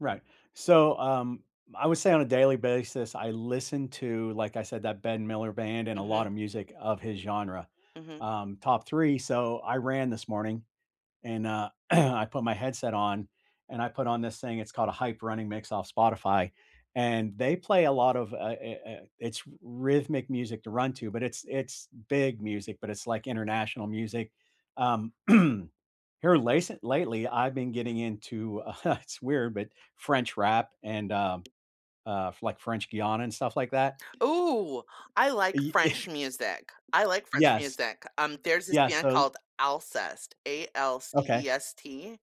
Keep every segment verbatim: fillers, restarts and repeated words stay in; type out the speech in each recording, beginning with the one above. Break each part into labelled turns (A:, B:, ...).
A: Right. So, um, I would say on a daily basis, I listened to, like I said, The Ben Miller Band and a lotta
B: Mhm.
A: music of his genre,
B: Mhm.
A: um, top three, so, I ran this morning, and, uh, I put my headset on, and I put on this thing, it's called "A Hype Running Mix" off Spotify, and they play a lot of, uh, eh, eh, eh it's rhythmic music to run to, but it's it's big music, but it's, like, international music, um, here, lasely lately, I've been getting into, uh, it's weird, but French rap and, um, uh, like, French geon and stuff like that.
B: Ooh, I like
A: Y
B: French music. I like French
A: Yes.
B: music, um, there's this
A: Yeah,
B: band
A: so
B: called Alcest,
A: Okay.
B: A-L-C-E-S-T,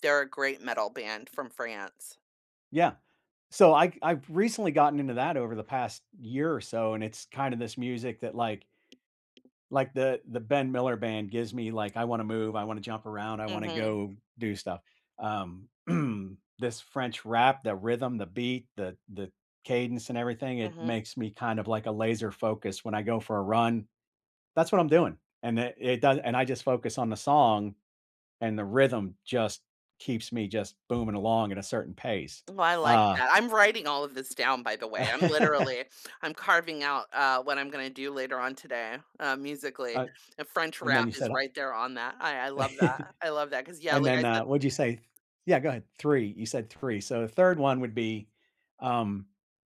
B: they're a great metal band from France.
A: Yeah. So, I I've recently gotten into that over the past year or so, and it's kinda this music, that, like like The the Ben Miller Band gives me, like, "I wanna move, I wanna jump around, I wanna
B: Mhm.
A: go do stuff." Um, This French rap, the rhythm, the beat, the the cadence and everything, it
B: Mhm.
A: makes me kind of, like, a laser-focus when I go for a run. That's what I'm doing, and it it does and I just focus on the song, and the rhythm just keeps me just booming along at a certain pace,
B: Ooh, I like
A: uh
B: that. I'm writing all of this down, by the way, I'm literally I'm carving out, uh, what I'm gonna do later on today, uh, musically.
A: I've
B: The French
A: and then
B: rap
A: you
B: is
A: said I
B: right there on that. I I love that, I love that, 'cause, yeah,
A: And
B: like I
A: then, uh,
B: said
A: what'd you say? Th Yeah, go ahead. three, you said three, so the third one would be, um,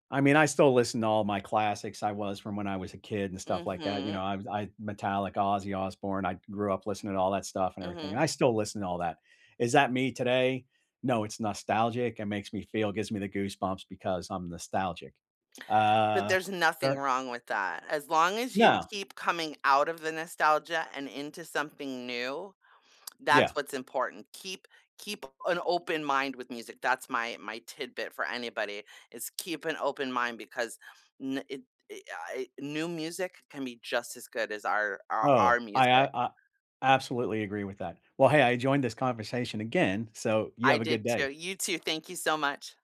A: I mean, I still listen to all my classics I was from when I was a kid, and stuff like that, you know,
B: Mhm.
A: I'm I'm Metallica, Ozzy Osbourne, I grew up listening to all that stuff and everything, and
B: Mhm.
A: I still listen to all that. Is that me today? No, it's nostalgic. It makes me feel gives me the goosebumps because I'm nostalgic,
B: But
A: uh,
B: there's nothing
A: fair
B: wrong with that, as long as you
A: No.
B: keep coming out of the nostalgia and into something new,
A: Yeah.
B: that's what's important. Keep keep an open mind with music, that's my my tidbit for anybody, is keep an open mind because ne it I I new music can be just as good as our our
A: Oh,
B: our
A: I, uh,
B: music.
A: uh I absolutely agree with that. Well, hey, I enjoyed this conversation again, so, you
B: I
A: have a good
B: did too.
A: day.
B: You too, thank you so much.